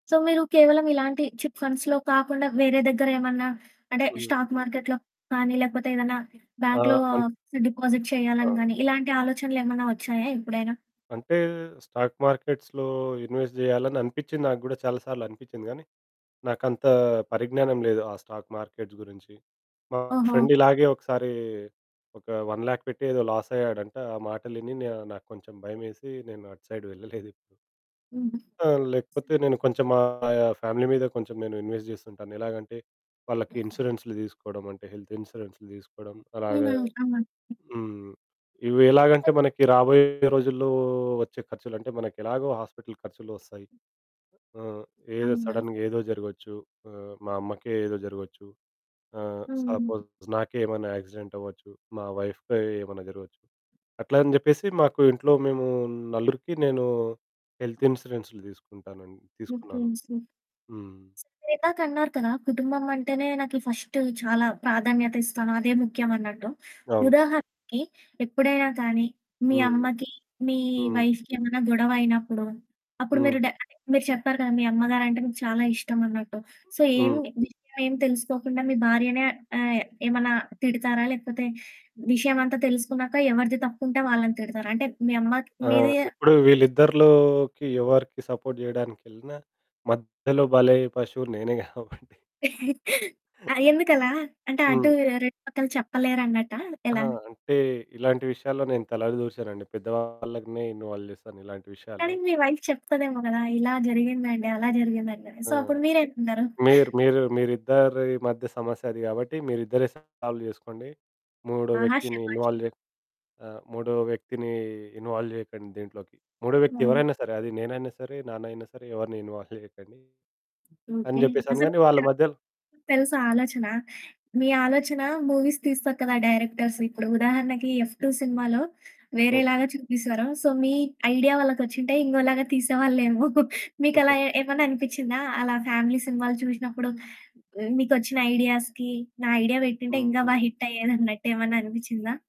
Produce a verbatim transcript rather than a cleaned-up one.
So, మీరు కేవలం ఇలాంటి చిట్ ఫండ్స్‌లో కాకుండా వేరే దగ్గర ఏమన్నా అంటే స్టాక్ హుహు. మార్కెట్‌లో కానీ లేకపోతే ఏదైనా బాంక్‌లో ఆహ్, అన్ డిపాజిట్ అ చేయాలని కానీ అవును. ఇలాంటి ఆలోచనలేమన్నా వచ్చాయా ఎప్పుడైనా? అంటే స్టాక్ మార్కెట్స్‌లో ఇన్వెస్ట్ జేయాలని అనిపిచ్చింది. నాకు గూడా చాలా సార్లు అనిపిచ్చింది గానీ నాకంత పరిజ్ఞానం లేదు. ఆ స్టాక్ మార్కెట్స్ గురించి. మా ఓహో! ఫ్రెండ్ ఇలాగే ఒకసారి ఒక వన్ లాక్ పెట్టి ఏదో లాస్ అయ్యాడంట. ఆ మాటలిని న్యా నాకు కొంచెం భయమేసి నేను అటు సైడ్ వెళ్ళలేదు. ఎప్పుడు. హ్మ్. ఆ! లేకపోతే నేను కొంచెం మా ఆహ్, ఫ్యామిలీ మీద కొంచెం నేను ఇన్వెస్ట్ జేస్తుంటాను. ఎలాగంటే వాళ్ళకి [unintelligible] ఇన్స్యూరెన్సు‌లు దీసుకోవడం అంటే హెల్త్ ఇన్స్యూరెన్స్‌ని దీసుకోవడం అలాగా [unintelligible] అవునా? హ్మ్. ఇవి ఎలాగంటే మనకి రాబోయే రోజుల్లో వచ్చే ఖర్చులంటే మనకు ఎలాగో హాస్పిటల్ ఖర్చులు వస్తాయి. ఆహ్, ఏదో అవును. సడెన్‌గా ఏదో జరగొచ్చు. ఆహ్, మా అమ్మకే ఏదో జరగొచ్చు. ఆహ్, హ్మ్. సపోజ్ నాకే ఏమైనా యాక్సిడెంట్ అవ్వొచ్చు. మా వైఫ్‌కి ఏమైనా జరగొచ్చు. అట్లా అని జెప్పేసి మాకు ఇంట్లో మేము నలుగురికి నేను హెల్త్ ఇన్స్యూరెన్సు‌లు దీసుకుంటానని మీ తీసుకున్నాను. ఫ్రెండ్స్‌ని హ్మ్. మీరు ఇందాక అన్నారు కదా! కుటుంబం అంటేనే నాకి ఫస్ట్ చాలా ప్రాధాన్యత ఇస్తాను అదే ముఖ్యం అన్నట్టు, అవును. ఉదాహరణకి ఎప్పుడైనా కానీ మీ హ్మ్. అమ్మకి మీ హ్మ్. వైఫ్‌కి ఏమైనా గొడవ అయినప్పుడు. అప్పుడు మీరు హ్మ్. డ అంటే మీరు చెప్పారు కదా మీ అమ్మగారంటే మీకు చాలా ఇష్టం అన్నట్టు. సో, ఏమి, హ్మ్. విషయమేమి తెలుసుకోకుండా మీ భార్యనే ఆహ్, ఏమన్నా తిడతారా? లేకపోతే విషయమంతా తెలుసుకున్నాక ఎవరిది తప్పుంటే వాళ్ళని తిడతారా? అంటే మీ అమ్మ, క్ ఆ! మీది ఇప్పుడు వీళ్లీద్దరిలోకి ఎవరికి సపోర్ట్ జేయడానికెళ్ళిన మధ్యలో భలయ్యే పశువు నేనే గాబట్టి ఆ! ఎందుకలా? అంటే అటూ హ్మ్. రెండు పక్కల చెప్పలేరన్నట్టా ఆ! ఎలా? అంటే ఇలాంటి విషయాల్లో నేను తల దూర్చనండి. పెద్దవాళ్ళనే ఇన్వాల్వ్ జేస్తాను ఇలాంటి కానీ, విషయాల్లో. మీ వైఫ్ చెప్తదేమో కదా! "ఇలా జరిగిందండి. అలా జరిగిందండి" అని, ఆ! సో, అప్పుడు మీరేమన్నారు? మీర్ మీరు మీరిద్దరి మధ్య సమస్య అది కాబట్టి మీరిద్దరే సాల్వ్ జేసుకోండి. మూడో ఆహా! వ్యక్తిని శభాష్. ఇన్వాల్వ్ జే ఆహ్, మూడో వ్యక్తిని ఇన్వాల్వ్ జేయకండి దీంట్లోకి. మూడో వ్యక్తి వన్ ఎవరైనా సరే, అది నేనైనా సరే, నాన్నయినా సరే, ఎవరిని ఇన్వాల్వ్ జేయకండి. అని ఓకే. జెప్పేసాను అసలు గాని వాళ్ళ మీరు మధ్యలో తెలుసా ఆలోచన? మీ ఆలోచన మూవీస్ తీస్తారు కదా! డైరెక్టర్స్ ఇప్పుడు ఉదాహరణకి 'ఎఫ్ టూ' సినిమాలో వేరే ఓకే. లాగా చూపిస్తారు సో, మీ ఐడియా వాళ్ళకి వచ్చుంటే ఇంగొలాగా తీసేవాళ్ళేమో. మీకు అలా ఏ ఏమన్నా అనిపిచ్చిందా? అలా ఫ్యామిలీ సినిమాలు చూషినప్పుడు, మీకొచ్చిన ఐడియాస్‌కి. నా ఐడియా పెట్టుంటే ఇంకా బా హ్మ్. హిట్ అయ్యేదన్నట్టు ఏమన్నా అనిపిచ్చిందా?